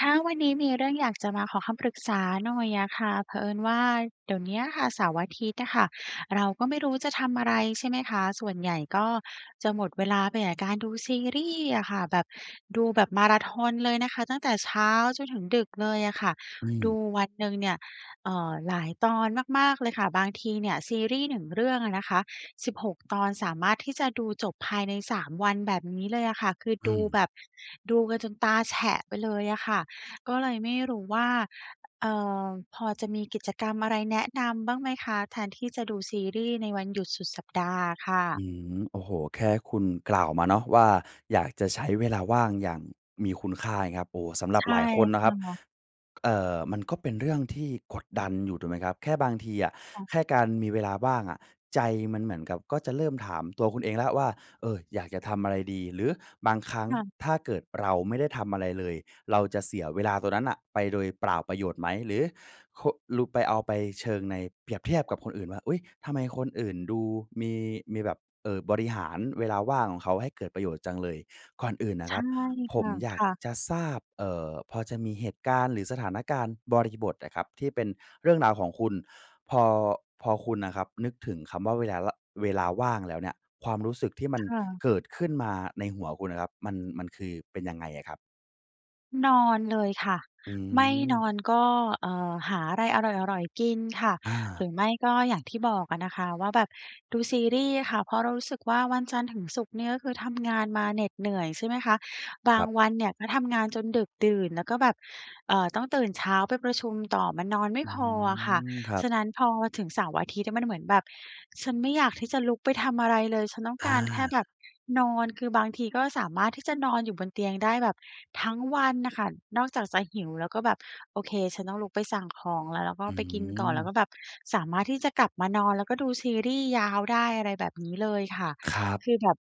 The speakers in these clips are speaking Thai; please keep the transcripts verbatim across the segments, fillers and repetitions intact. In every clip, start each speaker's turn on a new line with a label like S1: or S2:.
S1: คะ วันนี้มีเรื่องอยาก จะมาขอคำปรึกษาหน่อยอะค่ะ เผอิญว่าเดี๋ยวนี้อะค่ะ เสาร์อาทิตย์อะค่ะ เราก็ไม่รู้จะทำอะไร ใช่ไหมคะ ส่วนใหญ่ก็จะหมดเวลาไปอะการดูซีรี่ส์อะค่ะ แบบ ดูแบบ มาราธอนเลยนะคะ ตั้งแต่เช้าจนถึงดึกเลยอะค่ะ
S2: อ
S1: ดู
S2: ืม
S1: วันหนึ่งเนี่ย เอ่อ หลายตอนมาก ๆ เลยค่ะ บางทีเนี่ยซีรี่ส์หนึ่งเรื่องอะนะคะ สิบหก ตอนสามารถที่จะ ดูจบภายใน สาม วันแบบนี้เลยอะค่ะ คือ
S2: อื
S1: ดู
S2: ม
S1: แบบ ดูกันจนตาแฉะไปเลยอะค่ะ ก็เลยไม่รู้ว่า เอ่อ พอจะมีกิจกรรมอะไรแนะนำบ้างไหมคะ? แทนที่จะดูซีรี่ส์ในวัน หยุดสุดสัปดาห์อะค่
S2: อ
S1: ะ
S2: ืม โอ้โฮ แค่คุณกล่าวมาเนาะว่า อยากจะใช้เวลาว่างอย่างมีคุณค่า เงี้ยครับ โอ้ สำหรั
S1: ใช
S2: บ
S1: ่
S2: หลายคนนะ
S1: ค
S2: ครั
S1: ่
S2: บ
S1: ะ
S2: เอ่อ มันก็เป็นเรื่อง ที่กดดันอยู่ ถูกไหมครับ แค่บางทีอะ
S1: ค่ะ
S2: แค่การมีเวลาว่างอะ ใจมันเหมือนกับ ก็จะเริ่มถามตัวคุณเองแล้วครับว่า เออ อยากจะทำอะไรดี? หรือบางครั้ง
S1: ค่ะ
S2: ถ้าเกิดเราไม่ได้ทำอะไรเลย เราจะเสียเวลาตรงนั้นน่ะไปโดยเปล่าประโยชน์ไหม? หรือ ค ล ไป เอาไป เชิงใน เปรียบเทียบกับคนอื่นว่า อุ๊ย ทำไมคนอื่นดูมี มีแบบ เอ่อ บริหารเวลาว่างของเขาให้เกิดประโยชน์จังเลย ก่อนอื่นน่
S1: ใ
S2: ะ
S1: ช
S2: คร
S1: ่
S2: ับ ผ
S1: ค
S2: ม
S1: ่ะ
S2: อย
S1: ค
S2: าก
S1: ่ะ
S2: จะทราบ เอ่อ พอจะมีเหตุการณ์ หรือสถานการณ์บริบทอะครับ ที่เป็นเรื่องราวของคุณ พอ พอคุณอะครับนึกถึงคำว่า เวลาวะ เวลาว่างแล้วเนี่ย ความรู้สึกที่มัน
S1: ค่ะ
S2: เกิดขึ้นมาในหัวคุณอะครับ มัน มันคือเป็นยังไงอะครับ?
S1: นอนเลยค่ะ
S2: อื
S1: ไม่น
S2: ม
S1: อนก็ เอ่อ หาอะไรอร่อย ๆ กินค่ะ
S2: อ
S1: หร
S2: า
S1: ือไม่ก็อย่างที่บอกอะนะคะว่า แบบดูซีรีส์ค่ะ เพราะเรารู้สึกว่า วันจันทร์ถึงศุกร์เนี่ยก็คือทำงานมาเหน็ดเหนื่อยใช่ไหมคะ บ
S2: ค
S1: า
S2: รั
S1: ง
S2: บ
S1: วันเนี่ยก็ทำงานจนดึกดื่นแล้วก็แบบ เอ่อ ต้องตื่นเช้าไปประชุมต่อ มันนอนไม่
S2: อื้อ
S1: พ
S2: ฮ
S1: อ
S2: ื
S1: อะค่ะ
S2: อ ครั
S1: ฉ
S2: บ
S1: ะนั้น พอถึงเสาร์-อาทิตย์อะมันเหมือนแบบ "ฉันไม่อยากที่จะลุกไปทำอะไรเลย ฉันต้อง
S2: อ
S1: การแค่แบ
S2: า
S1: บนอน" คือบางทีก็สามารถที่จะนอนอยู่บนเตียงได้แบบทั้งวันน่ะค่ะ นอกจากจะหิวแล้วก็แบบ "โอเค ฉันต้องลุกไปสั่งของแล้ว" แล้วก็
S2: อื
S1: ไปกินก่อน แล้วก
S2: ม
S1: ็แบบสามารถที่จะกลับมานอน แล้วก็ดูซีรีส์ยาวได้ อะไรแบบนี้เลยค่ะ
S2: ครับ
S1: คือแบบ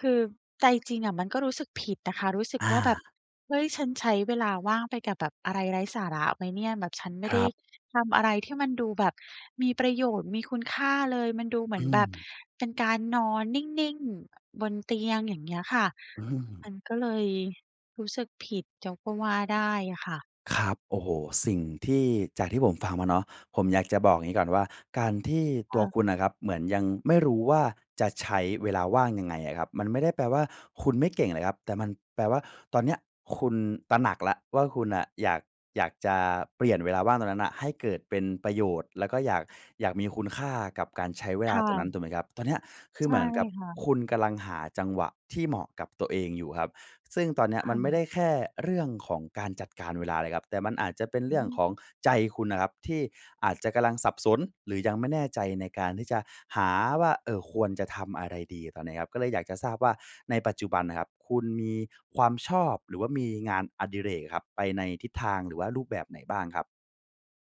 S1: คือใจจริงอะมันก็รู้สึกผิดอะค่ะ รู้สึก
S2: อา
S1: ว่า แบบ "เฮ้ย ฉันใช้เวลาว่างไปกับแบบอะไรไร้สาระไหมเนี่ย?" แบบ "ฉันไม่
S2: ค
S1: ไ
S2: ร
S1: ด้
S2: ับ
S1: ทำอะไรที่มันดูแบบมีประโยชน์ มีคุณค่าเลย" มันดูเหม
S2: อ
S1: ื
S2: ื
S1: อนแบบ
S2: ม
S1: เป็นการนอนนิ่ง ๆ อ บนเตียง อย่างเงี้ยค่ะ
S2: อื
S1: ม
S2: ม
S1: ันก็เลยรู้สึกผิด [unintelligible] ก็ว่าได้อะค่ะ
S2: ครับ โอ้โฮ สิ่งที่ จากที่ผมฟังมาเนาะ ผมอยากจะบอกอย่างงี้ก่อนว่า การที่
S1: ค
S2: ตั
S1: ่
S2: ว
S1: ะ
S2: คุณน่ะครับเหมือนยังไม่รู้ว่า จะใช้เวลาว่างยังไงอะครับ มันไม่ได้แปลว่า คุณไม่เก่งเลยครับ แต่มันแปลว่า ตอนเนี้ยคุณตระหนักแล้วว่า คุณน่ะอยาก อยากจะเปลี่ยนเวลาว่างตรงนั้นน่ะให้เกิดเป็นประโยชน์ แล้วก็อยาก อยากมีคุณค่ากับการใช้เว
S1: ค
S2: ลา
S1: ่
S2: ตรงนั้น
S1: ะ
S2: ถูกไหมครับ? ตอนเนี้ยคื
S1: ใ
S2: อ
S1: ช
S2: เห
S1: ่
S2: มือนกับ
S1: ค่ะ
S2: คุณกำลังหาจังหวะที่เหมาะกับตัวเองอยู่ครับ ซึ่งตอนเนี้ย
S1: ค
S2: มั
S1: ่
S2: นไม่ได
S1: ะ
S2: ้แค่เรื่องของการจัดการเวลาเลยครับ แต่มันอาจจะเป็นเ
S1: อ
S2: รื่องของ
S1: ืม
S2: ใจคุณน่ะครับ ที่อาจจะกำลังสับสนหรือยังไม่แน่ใจในการที่จะหาว่า เอ่อ ควรจะทำอะไรดีตอนนี้ครับ ก็เลยอยากจะทราบว่า ในปัจจุบันน่ะครับคุณมีความชอบ หรือว่ามีงานอดิเรกอะครับไปในทิศทางหรือว่ารูปแบบไหนบ้างครับ?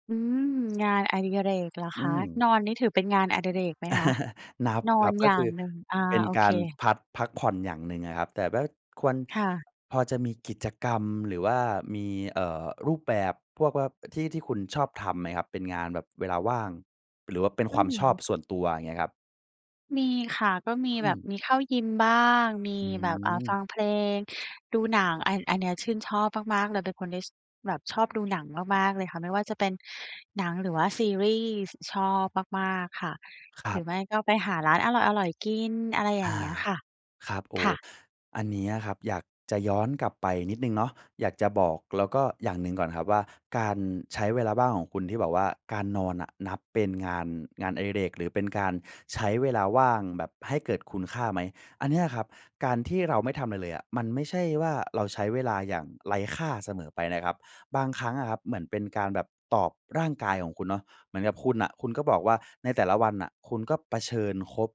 S1: อืม งานอดิเรกเหรอ
S2: อื
S1: คะ
S2: ม
S1: นอนนี่ถือเป็นงานอดิเรกไหมคะ?
S2: นับ
S1: นอ
S2: คร
S1: น
S2: ับ ก
S1: อย
S2: ็
S1: ่า
S2: คื
S1: ง
S2: อ
S1: หนึ่ง อ่า
S2: เป็น
S1: โอ
S2: ก
S1: เค
S2: ารพัด พักผ่อนอย่างหนึ่งอะครับ แต่ว่าควร
S1: ค่ะ
S2: พอจะมีกิจกรรม หรือว่ามี เอ่อ รูปแบบพวกว่า ที่ ที่คุณชอบทำไหมครับ? เป็นงานแบบเวลาว่าง หรือว่าเป็น
S1: อ
S2: ค
S1: ื
S2: วามชอบ
S1: ม
S2: ส่วนตัวเงี้ยครับ
S1: มีค่ะ ก็มี
S2: อื
S1: แบบ
S2: ม
S1: มีเข้ายิมบ้าง มี
S2: อื
S1: แบบ อ่า ฟั
S2: ม
S1: งเพลง ดูหนัง อัน อันนี้ชื่นชอบมาก ๆ เลยเป็นคนที่ ช แบบชอบดูหนังมาก ๆ เลยค่ะ ไม่ว่าจะเป็นหนัง หรือว่าซีรีส์ชอบมาก ๆ ค่ะ
S2: คร
S1: หร
S2: ั
S1: ื
S2: บ
S1: อไม่ก็ไปหาร้านอร่อย ๆ กิน อะไรอย
S2: อ
S1: ่าง
S2: า
S1: เงี้ยค่ะ
S2: ครับ โอ้
S1: ค่ะ
S2: อันนี้อะครับ อยากจะย้อนกลับไปนิดหนึ่งเนาะ อยากจะบอก แล้วก็ อย่างหนึ่งก่อนครับว่า การใช้เวลาว่างของคุณที่แบบว่า การนอนน่ะนับเป็นงาน งานอดิเรก หรือเป็นการใช้เวลาว่างแบบให้เกิดคุณค่าไหม อันเนี้ยอะครับ การที่เราไม่ทำอะไรเลยอะ มันไม่ใช่ว่าเราใช้เวลาอย่างไร้ค่าเสมอไปนะครับ บางครั้งอะครับเหมือนเป็นการแบบตอบร่างกายของคุณเนาะ เหมือนกับคุณน่ะ คุณก็บอกว่า ในแต่ละวันน่ะ คุณก็เผชิญคบ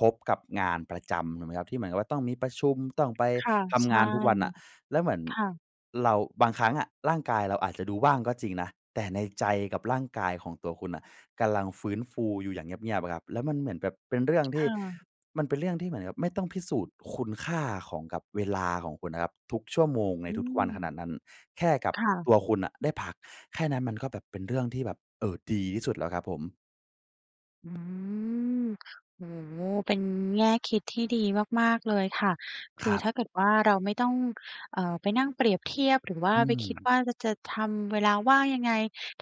S2: พบกับงานประจำถูกไหมครับ? ที่เหมือนกับว่าต้องมีประชุม ต้องไป
S1: ค่ะ
S2: ท
S1: ใช
S2: ำง
S1: ่
S2: านทุกวันน่ะ แล้วเหมือน
S1: ค่ะ
S2: เราบางครั้งอะ ร่างกายเราอาจจะดูว่างก็จริงนะ แต่ในใจกับร่างกายของตัวคุณน่ะกำลังฟื้นฟูอยู่อย่างเงียบ ๆ ครับ แล้วมันเหมือนแบบเป็นเรื่องที่
S1: เออ
S2: มันเป็นเรื่องที่เหมือนกับไม่ต้องพิสูจน์คุณค่าของ กับเวลาของคุณนะครับ ทุกชั่วโมงใน
S1: อื
S2: ทุก ๆ วันขน
S1: ม
S2: าดนั้น แค่กับ
S1: ค่ะ
S2: ตัวคุณน่ะได้พักแค่นั้น มันก็แบบเป็นเรื่องที่แบบ เอ่อ ดีที่สุดแล้วครับผม
S1: อื้อฮือ โอ้โฮ เป็นแง่คิดที่ดีมาก ๆ เลยค่ะ ค
S2: ค
S1: ื
S2: ร
S1: อ
S2: ับ
S1: ถ้าเกิดว่าเราไม่ต้อง เอ่อ ไปนั่งเปรียบเทียบหรือว่า
S2: อื
S1: ไปคิด
S2: ม
S1: ว่า เราจะทำเวลาว่างยังไง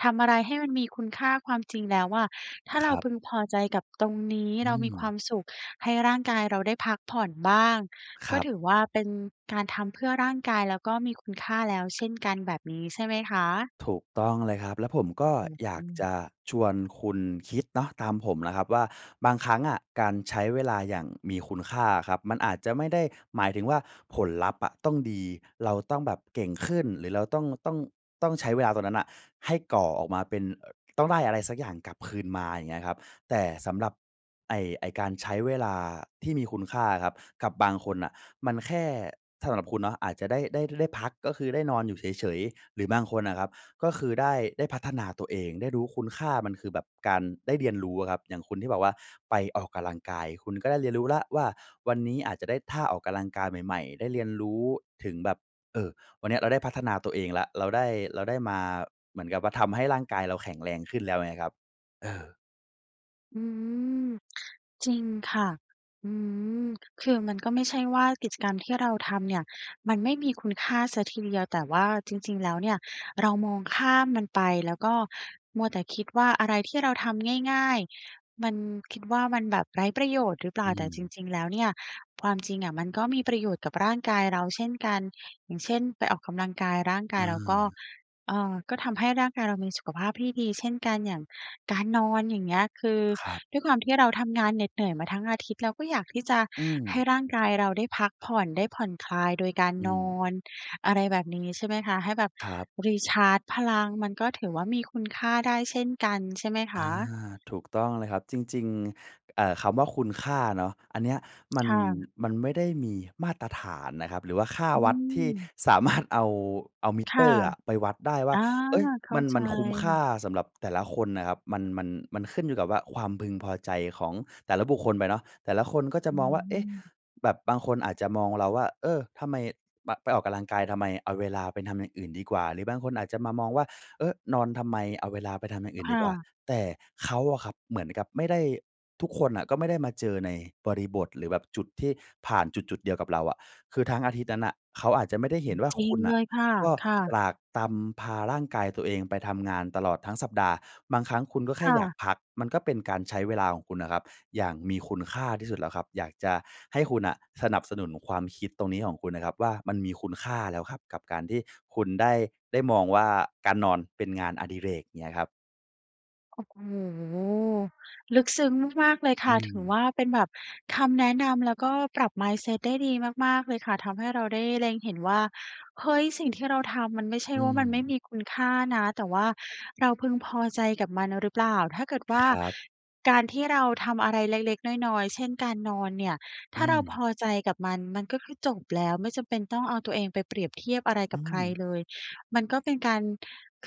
S1: ทำอะไรให้มันมีคุณค่า ความจริงแล้วอะ ถ้า
S2: ค
S1: เรา
S2: รับ
S1: พึงพอใจกับตรงนี้
S2: อื
S1: เรามีคว
S2: ม
S1: ามสุขให้ร่างกายเราได้พักผ่อนบ้าง
S2: ค
S1: ก
S2: ร
S1: ็
S2: ับ
S1: ถือว่าเป็นการทำเพื่อร่างกาย แล้วก็มีคุณค่าแล้วเช่นกัน แบบนี้ใช่ไหมคะ?
S2: ถูกต้องเลยครับ แล้วผม
S1: โอ
S2: ก
S1: ้โ
S2: ็
S1: ฮ
S2: อย
S1: อ
S2: า
S1: ื
S2: กจ
S1: ม
S2: ะชวนคุณคิดเนาะ ตามผมนะครับว่า บางครั้งอะการใช้เวลาอย่างมีคุณค่าอะครับ มันอาจจะไม่ได้หมายถึงว่า ผลลัพธ์อะต้องดี เราต้องแบบเก่งขึ้น หรือเราต้อง ต้อง ต้องใช้เวลาตรงนั้นน่ะ ให้ก่อออกมาเป็น อ ต้องได้อะไรสักอย่างกลับคืนมา อย่างเงี้ยครับ แต่สำหรับ ไอ้ ไอ้การใช้เวลาที่มีคุณค่าครับ กับบางคนน่ะมันแค่ สำหรับคุณเนาะอาจจะได้ ได้ ได้พัก ก็คือได้นอนอยู่เฉย ๆ หรือบางคนน่ะครับ ก็คือได้ ได้พัฒนาตัวเอง ได้รู้คุณค่ามันคือแบบการได้เรียนรู้อะครับ อย่างคนที่บอกว่าไปออกกะลังกาย คุณก็ได้เรียนรู้แล้วว่า วันนี้อาจจะได้ท่าออกกะลังกาย ใหม่ ๆ ได้เรียนรู้ถึงแบบ เอ่อ วันเนี้ยเราได้พัฒนาตัวเองแล้ว เราได้ เราได้มาเหมือนกับว่า ทำให้ร่างกายเราแข็งแรงขึ้นแล้วไงครับ เออ
S1: อืม จริงค่ะ อืม คือมันก็ไม่ใช่ว่ากิจกรรมที่เราทำเนี่ย มันไม่มีคุณค่าเสียทีเดียว แต่ว่าจริง ๆ แล้วเนี่ยเรามองข้ามมันไป แล้วก็มัวแต่คิดว่าอะไรที่เราทำง่าย ๆ มัน คิดว่ามันแบบไร้ประโยชน์หรือเปล
S2: อ
S1: ่า
S2: ื
S1: แต่จ
S2: ม
S1: ริง ๆ แล้วเนี่ย ความจริงอะมันก็มีประโยชน์กับร่างกายเราเช่นกัน อย่างเช่น ไปออกกำลังกาย ร่างก
S2: อ
S1: ายเราก็
S2: า
S1: เอ่อ ก็ทำให้ร่างกายเรามีสุขภาพที่ดีเช่นกัน อย่างการนอน อย่างเงี้ย คือ
S2: ครับ
S1: ด้วยความที่เราทำงานเหน็ดเหนื่อยมาทั้งอาทิตย์ เราก็อยากที่จะ
S2: อื
S1: ให้
S2: ม
S1: ร่างกายเราได้พักผ่อน ได้ผ่อนคลายโดยการ
S2: อื
S1: นอ
S2: ม
S1: น อะไรแบบนี้ ใช่ไหมคะ ให้แบบ
S2: ครับ
S1: รีชาร์จพลัง มันก็ถือว่ามีคุณค่าได้เช่นกัน ใช่ไหมค
S2: อา
S1: ะ?
S2: ถูกต้องเลยครับ จริง ๆ เอ่อ คำว่าคุณค่าเนาะ อันเนี้ยมัน
S1: ค่ะ
S2: มันไม่ได้มีมาตรฐานนะครับ หรือว่าค่า
S1: อื
S2: วัดที่
S1: ม
S2: สา มารถ เอา เอามิ
S1: ค
S2: เต
S1: ่ะ
S2: อร์อะไปวัดได้ว
S1: อ
S2: ่า
S1: า
S2: เอ๊ย!
S1: เข้
S2: ม
S1: า
S2: ัน
S1: ใ
S2: มันคุ้มค่า
S1: จ
S2: สำหรับแต่ละคนอะครับ มัน มัน มันขึ้นอยู่กับว่า ความพึงพอใจของแต่ละบุคคลไปเนาะ แต่ละคนก็จะ
S1: อื
S2: มองว่า เอ๊ะ!
S1: ม
S2: แบบบางคนอาจจะมองเราว่า เออ ทำไมปะ ไปออกกำลังกายทำไม? เอาเวลาไปทำอย่างอื่นดีกว่า หรือบางคนอาจจะมามองว่า เอ๊อ นอนทำไม? เอาเวลาไปทำอย่างอื่
S1: ค
S2: นดี
S1: ่
S2: กว่า
S1: ะ
S2: แต่เขาอะครับเหมือนกับไม่ได้ ทุกคนอะก็ไม่ได้มาเจอในบริบท หรือแบบจุดที่ผ่านจุด ๆ เดียวกับเราอะ คือทั้งอาทิตย์นั้นน่ะ เขาอาจจะไม่ได้เห็นว่า
S1: จริ
S2: คุ
S1: ง
S2: ณน
S1: เ
S2: ่
S1: ล
S2: ะ
S1: ยค่ะ
S2: ก็
S1: ค่ะ
S2: ตรากตรำพาร่างกายตัวเองไปทำงานตลอดทั้งสัปดาห์ บางครั้งคุณก็แค
S1: ค
S2: ่
S1: ่
S2: อยา
S1: ะ
S2: กพัก มันก็เป็นการใช้เวลาของคุณอะครับ อย่างมีคุณค่าที่สุดแล้วครับ อยากจะให้คุณน่ะสนับสนุนความคิดตรงนี้ของคุณอะครับว่า มันมีคุณค่าแล้วครับ กับการที่คุณได้ ได้มองว่า การนอนเป็นงานอดิเรก เงี้ยครับ
S1: โอ้โฮ ลึกซึ้งมาก ๆ เลยค
S2: อื
S1: ่ะ ถือว
S2: ม
S1: ่า เป็นแบบคำแนะนำแล้วก็ปรับ Mindset ได้ดีมาก ๆ เลยค่ะทำให้เราได้เล็งเห็นว่า เฮ้ย สิ่งที่เราทำมันไม่ใช่
S2: อื
S1: ว่า มันไม่
S2: ม
S1: มีคุณค่านะ แต่ว่าเราพึงพอใจกับมันหรือเปล่า ถ้าเกิดว่
S2: ค
S1: า
S2: รับ
S1: การที่เราทำอะไรเล็ก ๆ น้อย ๆ เช่น การนอนเนี่ย
S2: อ
S1: ถ
S2: ื
S1: ้าเราพ
S2: ม
S1: อใจกับมัน มันก็คือจบแล้วไม่จำเป็นต้องเอาตัวเองไปเปรียบเทียบอะไร
S2: อ
S1: ก
S2: ื
S1: ับใคร
S2: ม
S1: เลย มันก็เป็นการ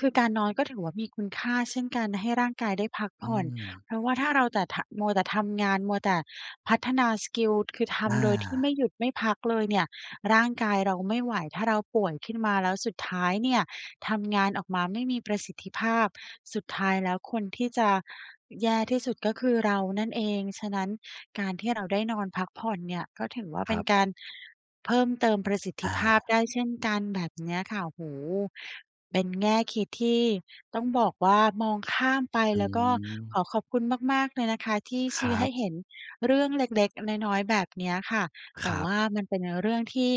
S1: คือการนอนก็ถือว่า มีคุณค่าเช่นกัน ให้ร่างกายได้พักผ
S2: อื
S1: ่อน
S2: ม
S1: เพราะว่าถ้าเราแต่ ถ มัวแต่ทำงาน มัวแต่พัฒนาสกิล คือ ท
S2: อา
S1: ำโดยที่ไม่หยุดไม่พักเลยเนี่ยร่างกายเราไม่ไหว ถ้าเราป่วยขึ้นมาแล้วสุดท้ายเนี่ยทำงานออกมาไม่มีประสิทธิภาพ สุดท้ายแล้วคนที่จะแย่ที่สุดก็คือเรานั่นเอง ฉะนั้นการที่เราได้นอนพักผ่อนเนี่ย ก็ถือว่า
S2: ค
S1: เป
S2: ร
S1: ็
S2: ั
S1: น
S2: บ
S1: การเพิ่มเติมประสิทธ
S2: อ
S1: ิภาพ
S2: า
S1: ได้เช่นกัน แบบเนี้ยค่ะ โอ้โฮ เป็นแง่คิดที่ต้องบอกว่า มองข้ามไป
S2: อื
S1: แล้วก็ข
S2: ม
S1: อขอบคุณมาก ๆ เลยนะคะที่ช
S2: ค
S1: ี
S2: ร
S1: ้
S2: ั
S1: ให้
S2: บ
S1: เห็นเรื่องเล็ก ๆ น้อย ๆ แบบเนี้ยค่ะ แต
S2: ค
S1: ่
S2: รั
S1: ว
S2: บ
S1: ่ามันเป็นเรื่องที่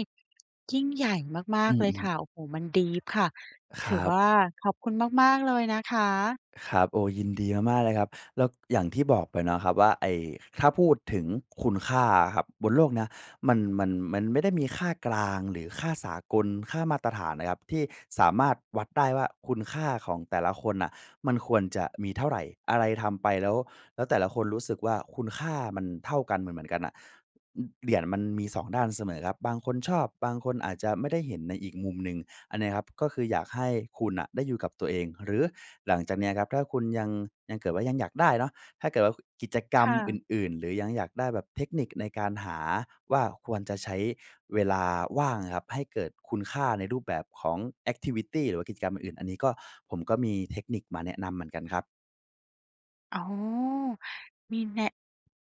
S1: ยิ่งใหญ่มา
S2: อื
S1: ก ๆ เ
S2: อ
S1: ล
S2: อื
S1: ย
S2: อฮึ
S1: ค่ะ โอ้โฮ มัน ดีป ค่ะ
S2: ค
S1: ถ
S2: ร
S1: ื
S2: ั
S1: อว
S2: บ
S1: ่า ขอบคุณมาก ๆ เลยนะคะ
S2: ครับ โอ้ ยิน ดีมาก ๆ เลยครับ แล้วอย่างที่บอกไปเนาะครับว่า ไอ้ ถ้าพูดถึงคุณค่าอะครับบนโลกนะ มัน มัน มันไม่ได้มีค่ากลาง หรือค่าสากล ค่ามาตรฐานนะครับที่สามารถวัดได้ว่า คุณค่าของแต่ละคนน่ะมันควรจะมีเท่าไร อะไรทำไปแล้ว แล้วแต่ละคนรู้สึกว่าคุณค่ามันเท่ากัน เหมือน ๆ กันน่ะ อ เหรียญมันมี สอง ด้านเสมอครับ บางคนชอบ บางคนอาจจะไม่ได้เห็นในอีกมุมหนึ่ง อันเนี้ยครับก็คืออยากให้คุณน่ะได้อยู่กับตัวเอง หรือหลังจากเนี้ยครับ ถ้าคุณยัง ยัง เกิดว่ายังอยากได้เนาะ ถ้าเกิด ว กิจกร
S1: ค
S2: รม
S1: ่
S2: อ
S1: ะ
S2: ื่น ๆ หรือยังอยากได้แบบ เทคนิกในการหาว่า ควรจะใช้เวลาว่างอะครับให้เกิดคุณค่าในรูปแบบของ แอกทิวิตี หรือว่ากิจกรรมอื่น อันนี้ก็ ผมก็มี เทคนิกมาแนะนำเหมือนกันครับ
S1: โอ้! มีแน่ะ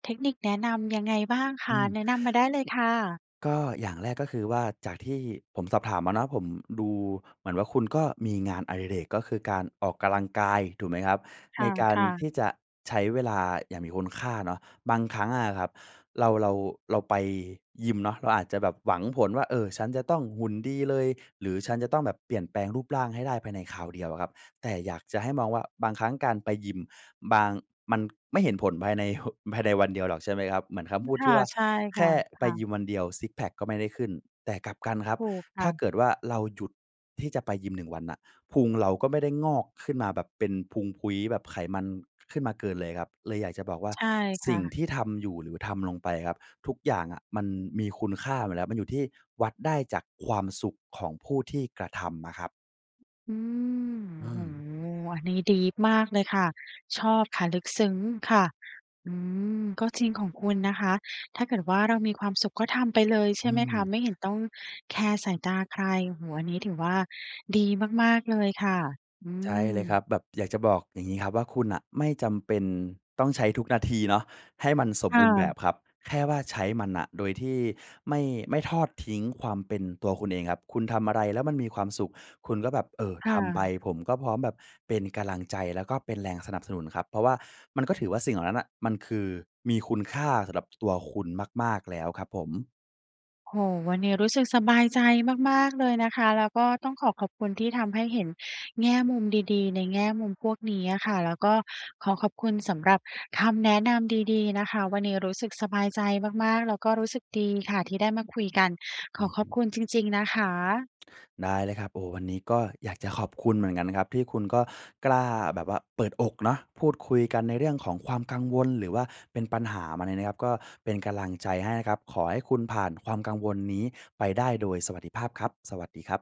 S1: เทคนิคแนะนำยังไงบ้างค
S2: อื
S1: ะ?
S2: ม
S1: แนะนำมาได้เลยค่ะ
S2: ก็อย่างแรกก็คือว่า จากที่ผมสอบถามมาเนาะ ผม ดูเหมือนว่า คุณก็มีงานอดิเรกก็คือการออกกำลังกายถูกไหมครับ
S1: ค
S2: ในการ
S1: ่ะ
S2: ท
S1: ๆ
S2: ี่จะใช้เวลาอย่างมีคุณค่าเนาะ บางครั้งอะครับ เรา เรา เราไปยิมเนาะ เราอาจจะแบบหวังผลว่า เออ ฉันจะต้องหุ่นดีเลย หรือฉันจะต้องแบบเปลี่ยนแปลงรูปร่างให้ได้ภายในคราวเดียวอะครับ แต่อยากจะให้มองว่า บางครั้งการไปยิม บาง มันไม่เห็นผลภายใน ฮ ภายในวันเดียวหรอกใช่ไหมครับ เหมือนคำพูด
S1: ค
S2: ท
S1: ่
S2: ี
S1: ะ
S2: ่ว่า
S1: ใช่
S2: "แ
S1: ค
S2: ค
S1: ่ะ
S2: ่
S1: ค
S2: ไป
S1: ่
S2: ย
S1: ะ
S2: ิมวันเดียว ซิกซ์แพ็กก็ไม่ได้ขึ้น" แต่กลับกันครับ
S1: ถูกค
S2: ถ
S1: ่
S2: ้า
S1: ะ
S2: เกิดว่า เราหยุดที่จะไปยิมหนึ่งวันน่ะพุงเราก็ไม่ได้งอกขึ้นมาแบบเป็นพุงพุ้ยแบบไขมัน ข ขึ้นมาเกินเลยครับ เลยอยากจะบอกว่า
S1: ใช่ค
S2: "ส
S1: ่
S2: ิ่ง
S1: ะ
S2: ที่ทำอยู่หรือทำลงไปครับ ทุกอย่างอะมันมีคุณค่าหมดแหละ มันอยู่ที่ วัดได้จากความสุขของผู้ที่กระทำอะครับ"
S1: อือ
S2: อื
S1: โอ้
S2: ม
S1: โฮ! อันนี้ ดีป มากเลยค่ะ ชอบค่ะ ลึกซึ้งค่ะ อืม ก็จริงของคุณนะคะ ถ้าเกิดว่า เรามีความสุขก็ทำไปเลยใช
S2: อ
S1: ่
S2: ื
S1: ไหมค
S2: ม
S1: ะ ไม่เห็นต้องแคร์สายตาใคร โอ้โฮ! อันนี้ถือว่าดีมาก ๆ เลยค่ะ อื
S2: ใช่เลยค
S1: ม
S2: รับ แบบอยากจะบอกอย่างงี้ครับว่า "คุณน่ะไม่จำเป็นต้องใช้ทุกนาทีเนาะให้มันสม
S1: ค่
S2: บูรณ์แบ
S1: ะ
S2: บครับ" แค่ว่า ใช้มันน่ะโดยที่ไม่ ไม่ทอดทิ้งความเป็นตัวคุณเองครับ คุณทำอะไรแล้วมันมีความสุข คุณก็แบบ เออ
S1: ค่
S2: ทำไป
S1: ะ
S2: ผมก็พร้อมแบบเป็นกำลังใจแล้วก็เป็นแรงสนับสนุนครับ เพราะว่ามันก็ถือว่า สิ่งเหล่านั้นน่ะมันคือ มีคุณค่าสำหรับ ตัวคุณมาก ๆ แล้วครับผม
S1: โอ้โฮ! วันเนี้ยรู้สึกสบายใจมาก ๆ เลยนะคะ แล้วก็ต้องขอขอบคุณที่ทำให้เห็นแง่มุมดี ๆ ในแง่มุมพวกนี้อะค่ะ แล้วก็ขอขอบคุณสำหรับคำแนะนำดี ๆ นะคะ วันนี้รู้สึกสบายใจมาก ๆ แล้วก็รู้สึกดีค่ะที่ได้มาคุยกัน ข
S2: อื
S1: อ
S2: อ
S1: ข
S2: ฮ
S1: อบ
S2: ึ
S1: คุณจริง ๆ นะคะ
S2: ได้เลยครับ โอ้ วันนี้ก็อยากจะขอบคุณเหมือนกันนะครับที่คุณก็กล้าแบบว่าเปิดอกเนาะ พูดคุยกันในเรื่องของความกังวลหรือว่าเป็นปัญหามาเนี่ยนะครับ ก็เป็นกำลังใจให้นะครับ ขอให้คุณผ่านความกังวลนี้ไปได้โดยสวัสดิภาพครับ สวัสดีครับ